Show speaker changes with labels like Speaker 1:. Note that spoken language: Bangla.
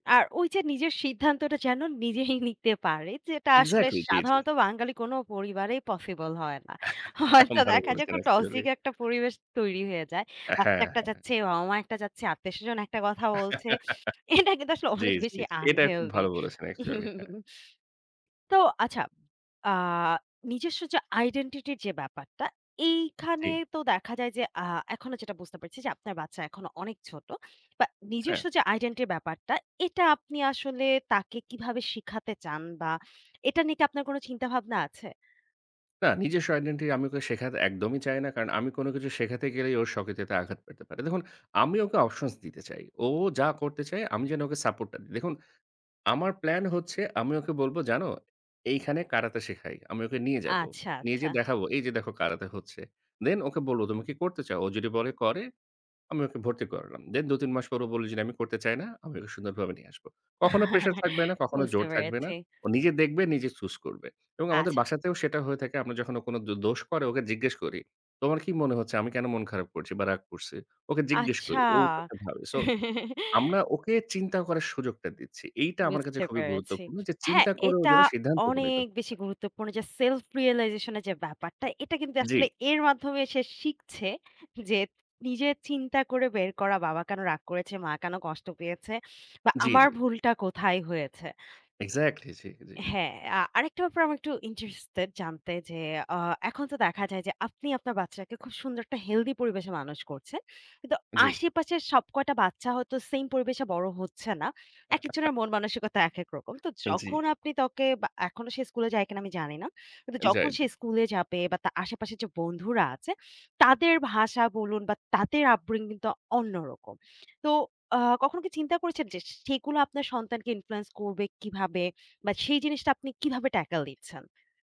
Speaker 1: আর, ওইযে নিজের সিদ্ধান্তটা, যেন নিজেই নিতে পারে, যেটা আসলে
Speaker 2: এক্সেক্টলি! জি, জি।
Speaker 1: সাধারণত, বাঙালি কোনো পরিবারেই পসিবল হয় না। হয়তো
Speaker 2: ভালো
Speaker 1: দেখা যায়,
Speaker 2: বলেছেন,
Speaker 1: একটা
Speaker 2: অ্যাকচুয়ালি।
Speaker 1: টক্সিক একটা পরিবেশ তৈরি হয়ে যায়।
Speaker 2: অ্যা হ্যাঁ,
Speaker 1: আব্বা একটা
Speaker 2: হ্যাঁ।
Speaker 1: চাচ্ছে, বাবা-মা একটা চাচ্ছে, আত্মীয়-স্বজন একটা কথা বলছে। এটা কিন্তু আসলে,
Speaker 2: জ্বী,
Speaker 1: অনেক
Speaker 2: জ্বী,
Speaker 1: বেশি
Speaker 2: জি। এটা খুব
Speaker 1: আনহেলথি।
Speaker 2: ভালো বলেছেন, অ্যাকচুয়ালি! হ্যাঁ।
Speaker 1: তো আচ্ছা, আ নিজস্ব যে আইডেন্টিটি -র যে ব্যাপারটা, এইখানে
Speaker 2: জ্বী।
Speaker 1: তো দেখা যায় যে, আ এখনো যেটা বুঝতে পারছি যে, আপনার বাচ্চা এখনো অনেক ছোট। বা
Speaker 2: হ্যাঁ।
Speaker 1: নিজস্ব যে আইডেন্টিটি -র ব্যাপারটা, এটা আপনি আসলে, তাকে কীভাবে শিখাতে চান? বা এটা নিয়ে কি আপনার কোনো চিন্তাভাবনা আছে?
Speaker 2: না, নিজস্ব আইডেন্টিটি আমি ওকে শেখাতে একদমই চাই না। কারণ আমি কোনো কিছু শেখাতে গেলেই ও স্বকীয়তাতে আঘাত পেতে পারে। দেখুন, আমি ওকে অপশনস দিতে চাই। ও যা করতে চায়, আমি যেন ওকে সাপোর্টটা দিই। দেখুন, আমার প্ল্যান হচ্ছে, আমি ওকে বলব, "জানো, এইখানে কারাতে শেখায়।" আমি ওকে নিয়ে যাবো।
Speaker 1: আচ্ছা,
Speaker 2: নিয়ে
Speaker 1: আচ্ছা।
Speaker 2: যেয়ে দেখাবো, "এইযে দেখো কারাতে হচ্ছে।" দেন, ওকে বলবো, "তুমি কি করতে চাও?" ও যদি বলে করে, আমি ওকে ভর্তি করালাম। দেন ২-৩ মাস পর ও বলে যদি, "আমি করতে চাই না।" আমি ওকে সুন্দরভাবে নিয়ে আসবো। কখনো প্রেশার থাকবে না, কখনো
Speaker 1: বুঝতে
Speaker 2: জোর থাকবে না।
Speaker 1: পেরেছি।
Speaker 2: ও নিজে দেখবে, নিজে চুজ করবে। এবং আমাদের
Speaker 1: আচ্ছা।
Speaker 2: বাসাতেও সেটা হয়ে থাকে। আমরা যখন ও কোনো দো দোষ করে, ওকে জিজ্ঞেস করি, "তোমার কি মনে হচ্ছে? আমি কেন মন খারাপ করছি বা রাগ করছি?" ওকে জিজ্ঞেস
Speaker 1: আচ্ছা!
Speaker 2: করি, ও উত্তরটা ভাবে। সো, আমরা ওকে চিন্তা করার সুযোগটা দিচ্ছি। এইটা আমার কাছে
Speaker 1: বুঝতে
Speaker 2: খুবই
Speaker 1: পেরেছি।
Speaker 2: গুরুত্বপূর্ণ যে,
Speaker 1: হ্যাঁ,
Speaker 2: চিন্তা করে ও
Speaker 1: এটা
Speaker 2: যেন সিদ্ধান্তে উপনীত
Speaker 1: অনেক
Speaker 2: হতে
Speaker 1: বেশি
Speaker 2: পারে।
Speaker 1: গুরুত্বপূর্ণ যে, সেলফ রিয়ালাইজেশন এর যে ব্যাপারটা, এটা কিন্তু
Speaker 2: জ্বী।
Speaker 1: আসলে এর মাধ্যমে সে শিখছে, যে নিজে চিন্তা করে বের করা, "বাবা কেন রাগ করেছে? মা কেন কষ্ট পেয়েছে? বা
Speaker 2: জ্বী,
Speaker 1: আমার
Speaker 2: জ্বী।
Speaker 1: ভুলটা কোথায় হয়েছে?"
Speaker 2: এক্সেক্টলি। জ্বী, জ্বী।
Speaker 1: হ্যাঁ, আ আরেকটা ব্যাপারে আমি একটু ইন্টারেস্টেড জানতে যে, আ এখন তো দেখা যায় যে, আপনি আপনার বাচ্চাকে খুব সুন্দর একটা হেলথি পরিবেশে মানুষ করছেন। কিন্তু
Speaker 2: জ্বী।
Speaker 1: আশেপাশের সব কয়টা বাচ্চা হয়তো, সেইম পরিবেশে বড় হচ্ছে না। একেকজনের মন-মানসিকতা একেক রকম। তো
Speaker 2: আন জ্বী।
Speaker 1: যখন আপনি তাকে বা এখনো সে স্কুলে যায় কিনা, আমি জানি না। কিন্তু
Speaker 2: যায়,
Speaker 1: যখন
Speaker 2: জ্বী।
Speaker 1: সে স্কুলে যাবে, বা তার আশেপাশের যে বন্ধুরা আছে, তাদের ভাষা বলুন বা তাদের আপব্রিঙগিং তো অন্যরকম। তো আ কখনো কি চিন্তা করেছেন যে, সেগুলো আপনার সন্তানকে ইনফ্লুয়েন্স করবে কিভাবে বা সেই জিনিসটা আপনি কিভাবে ট্যাকেল দিচ্ছেন?